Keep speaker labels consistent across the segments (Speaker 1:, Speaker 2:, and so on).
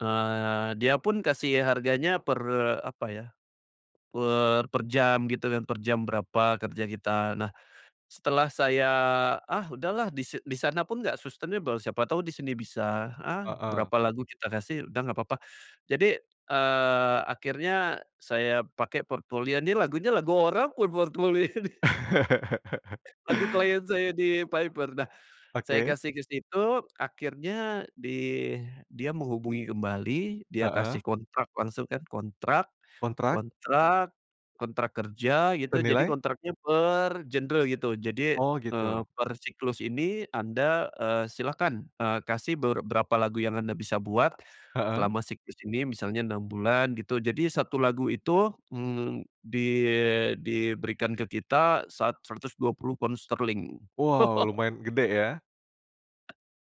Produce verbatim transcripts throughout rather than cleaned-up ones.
Speaker 1: Eee, dia pun kasih harganya per apa ya, per per jam gitu kan, per jam berapa kerja kita. Nah, setelah saya, ah, udahlah di di sana pun enggak sustainable, siapa tahu di sini bisa, ah,
Speaker 2: Heeh.
Speaker 1: berapa lagu kita kasih udah enggak apa-apa. Jadi, eee, akhirnya saya pakai portfolio. Nih, lagunya lagu orang buat portfolio nih. Lagu klien saya di Piper. Nah, saya
Speaker 2: Oke.
Speaker 1: kasih ke situ akhirnya di dia menghubungi kembali, dia
Speaker 2: Heeh.
Speaker 1: kasih kontrak langsung kan. Kontrak
Speaker 2: Kontrak.
Speaker 1: kontrak kontrak kerja gitu, jadi
Speaker 2: Senilai?
Speaker 1: kontraknya per genre gitu. Jadi,
Speaker 2: Oh,
Speaker 1: eee,
Speaker 2: gitu.
Speaker 1: per siklus ini anda, eee, silakan, eee, kasih ber berapa lagu yang anda bisa buat
Speaker 2: Heeh.
Speaker 1: selama siklus ini, misalnya enam bulan gitu. Jadi satu lagu itu, mmm, di diberikan ke kita sat seratus dua puluh poundsterling.
Speaker 2: Wow, lumayan gede, ya?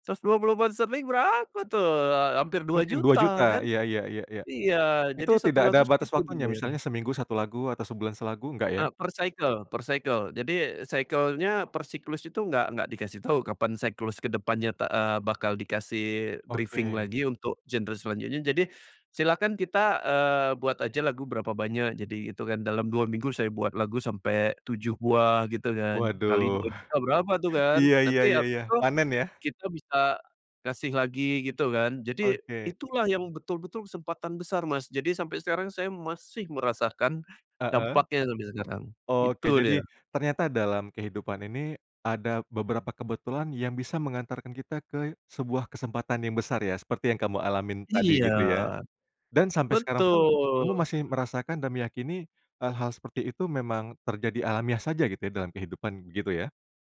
Speaker 1: seratus dua puluh poundsterling berapa tuh, eee, hampir dua
Speaker 2: Mungkin dua
Speaker 1: juta
Speaker 2: juta.
Speaker 1: kan.
Speaker 2: Iya iya iya iya.
Speaker 1: Iya, jadi
Speaker 2: Itu
Speaker 1: satu
Speaker 2: tidak
Speaker 1: lagu
Speaker 2: ada batas
Speaker 1: segitu
Speaker 2: waktunya,
Speaker 1: dibayarnya.
Speaker 2: misalnya seminggu satu lagu atau sebulan selagu, enggak, ya?
Speaker 1: Eee, per cycle per cycle. Jadi cycle-nya, per siklus itu enggak enggak dikasih tahu, kapan siklus ke depannya ta eee, bakal dikasih briefing
Speaker 2: Oke.
Speaker 1: lagi untuk genre selanjutnya. Jadi, silakan kita, eee, buat aja lagu berapa banyak, jadi itungan dalam dua minggu saya buat lagu sampai tujuh buah gitu kan, kali
Speaker 2: Waduh.
Speaker 1: dua juta berapa tuh kan.
Speaker 2: Iya iya
Speaker 1: Nanti
Speaker 2: iya
Speaker 1: habis
Speaker 2: iya,
Speaker 1: itu,
Speaker 2: panen ya?
Speaker 1: kita bisa kasih lagi gitu kan. Jadi,
Speaker 2: Oke.
Speaker 1: itulah yang betul-betul kesempatan besar, Mas. Jadi sampai sekarang saya masih merasakan,
Speaker 2: Heeh.
Speaker 1: dampaknya sampai sekarang.
Speaker 2: Oke,
Speaker 1: Itu dia.
Speaker 2: jadi, ternyata dalam kehidupan ini ada beberapa kebetulan yang bisa mengantarkan kita ke sebuah kesempatan yang besar ya, seperti yang kamu alamin tadi,
Speaker 1: Iya,
Speaker 2: gitu ya. Dan sampai sekarang pun, kamu
Speaker 1: betul.
Speaker 2: masih merasakan dan meyakini hal-hal seperti itu memang terjadi alamiah saja gitu ya, dalam kehidupan, gitu ya?